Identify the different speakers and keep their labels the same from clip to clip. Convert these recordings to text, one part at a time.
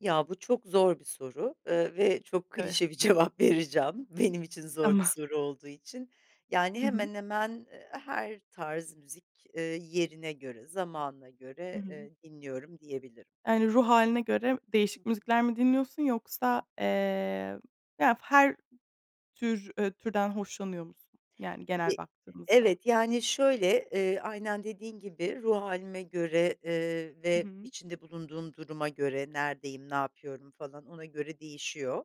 Speaker 1: Ya bu çok zor bir soru, ııı, ve çok
Speaker 2: Evet.
Speaker 1: klişe bir cevap vereceğim benim için zor bir
Speaker 2: Tamam.
Speaker 1: soru olduğu için. Yani,
Speaker 2: Hı hı.
Speaker 1: hemen hemen her tarz müzik, ııı, yerine göre, zamanına
Speaker 2: Hı
Speaker 1: göre,
Speaker 2: hı.
Speaker 1: eee, dinliyorum diyebilirim.
Speaker 2: Yani, ruh hâline göre
Speaker 1: Hı
Speaker 2: değişik
Speaker 1: hı.
Speaker 2: müzikler mi dinliyorsun
Speaker 1: Hı
Speaker 2: yoksa,
Speaker 1: hı.
Speaker 2: eee, ya, fa her tür türden hoşlanıyor musun? Yani, genel
Speaker 1: E
Speaker 2: baktığımızda.
Speaker 1: evet, yani, şöyle, eee, aynen dediğin gibi, ruh hâlime göre, eee,
Speaker 2: Hı
Speaker 1: ve
Speaker 2: hı.
Speaker 1: içinde bulunduğum duruma göre; neredeyim, ne yapıyorum, falan ona göre değişiyor,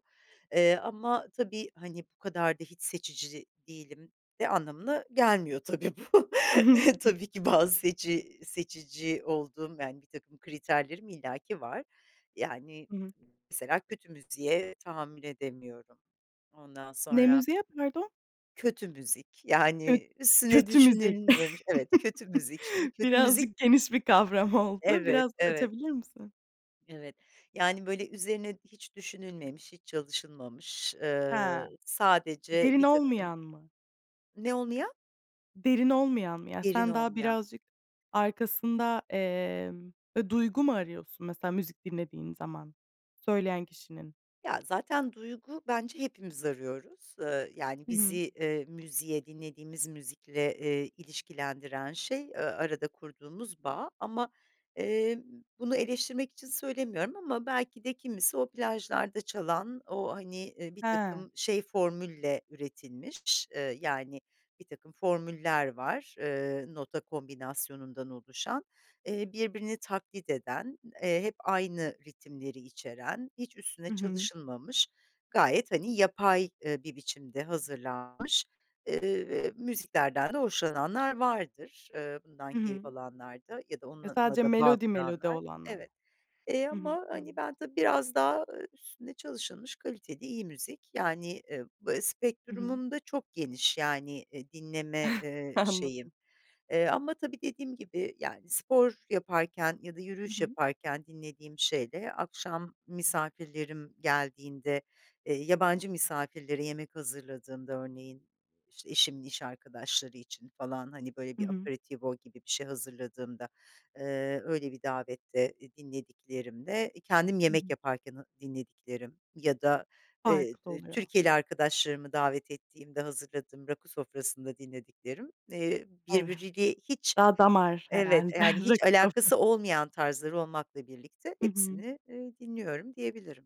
Speaker 1: eee, ama tabii, hani, bu kadar da hiç seçici değilim de anlamına gelmiyor, tabii bu. Tabii ki, bazı seçi seçici olduğum, yani, birtakım kriterlerim illaki var. Yani,
Speaker 2: Hı hı.
Speaker 1: mesela, kötü müziğe tahammül edemiyorum. Ondan
Speaker 2: Ne
Speaker 1: sonra
Speaker 2: müziği, pardon?
Speaker 1: Kötü müzik,
Speaker 2: Kö
Speaker 1: yani, üstüne
Speaker 2: kötü müzik.
Speaker 1: düşünülmemiş. Evet, kötü müzik, şimdi kötü müzik
Speaker 2: Birazcık geniş bir kavram oldu.
Speaker 1: Evet,
Speaker 2: Biraz
Speaker 1: evet.
Speaker 2: açabilir misin?
Speaker 1: Evet, yani, böyle, üzerine hiç düşünülmemiş, hiç çalışılmamış,
Speaker 2: Ha.
Speaker 1: ııı, sadece
Speaker 2: Derin
Speaker 1: birtakım
Speaker 2: olmayan mı?
Speaker 1: Ne olmayan?
Speaker 2: Derin olmayan mı? Ya,
Speaker 1: Derin
Speaker 2: sen daha
Speaker 1: olmayan.
Speaker 2: birazcık arkasında, emm, eee, duygu mu arıyorsun, mesela, müzik dinlediğin zaman söyleyen kişinin?
Speaker 1: Ya, zaten duygu, bence hepimiz arıyoruz. Iıı, yani,
Speaker 2: Hı
Speaker 1: bizi,
Speaker 2: hı.
Speaker 1: eee, müziğe dinlediğimiz müzikle, eee, ilişkilendiren, şey, ııı, arada kurduğumuz bağ. Ama, eee, bunu eleştirmek için söylemiyorum ama belki de kimisi o plajlarda çalan, o, hani, eee,
Speaker 2: He.
Speaker 1: birtakım şey formülle üretilmiş, ııı, yani, birtakım formüller var, ııı, nota kombinasyonundan oluşan, eee, birbirini taklit eden, eee, hep aynı ritimleri içeren, hiç üstüne
Speaker 2: Hı hı.
Speaker 1: çalışılmamış, gayet, hani, yapay, ııı, bir biçimde hazırlanmış, ııı, müziklerden de hoşlananlar vardır. Iıı, bundan
Speaker 2: Hı
Speaker 1: keyif
Speaker 2: hı.
Speaker 1: alanlar da ya da
Speaker 2: E,
Speaker 1: onunla
Speaker 2: sadece
Speaker 1: da bağ
Speaker 2: melodi melodi
Speaker 1: kuranlar.
Speaker 2: olanlar.
Speaker 1: Evet, eee,
Speaker 2: Hı hı.
Speaker 1: ama, hani,
Speaker 2: Tamam.
Speaker 1: ben, tabii, biraz daha, ııı, üstüne çalışılmış, kaliteli, iyi müzik. Yani, ııı, b
Speaker 2: Hı hı.
Speaker 1: spektrumum da çok geniş, yani, eee, dinleme, eee,
Speaker 2: Anladım.
Speaker 1: şeyim. E, ama, tabii, dediğim gibi, yani, spor yaparken ya da
Speaker 2: Hı
Speaker 1: yürüyüş
Speaker 2: hı.
Speaker 1: yaparken dinlediğim şeyle, akşam misafirlerim geldiğinde, eee, yabancı misafirlere yemek hazırladığımda, örneğin, işte, eşimin iş arkadaşları için falan, hani, böyle
Speaker 2: Hı
Speaker 1: bir,
Speaker 2: hı.
Speaker 1: aperitivo gibi bir şey hazırladığımda, ııı, öyle bir davette, iii, dinlediklerimde, kendim
Speaker 2: Hı
Speaker 1: yemek
Speaker 2: hı.
Speaker 1: yaparken, ha dinlediklerim ya da, eee,
Speaker 2: Farklı
Speaker 1: d
Speaker 2: oluyor.
Speaker 1: Türkiyeli arkadaşlarımı davet ettiğimde hazırladığım rakı sofrasında dinlediklerim, eee,
Speaker 2: Evet.
Speaker 1: birbiriyle hiç
Speaker 2: Daha damar
Speaker 1: evet,
Speaker 2: herhâlde.
Speaker 1: eee, yani,
Speaker 2: Rakı sofrası.
Speaker 1: alakası olmayan tarzlar olmakla birlikte
Speaker 2: Hı hı.
Speaker 1: hepsini, eee, dinliyorum diyebilirim.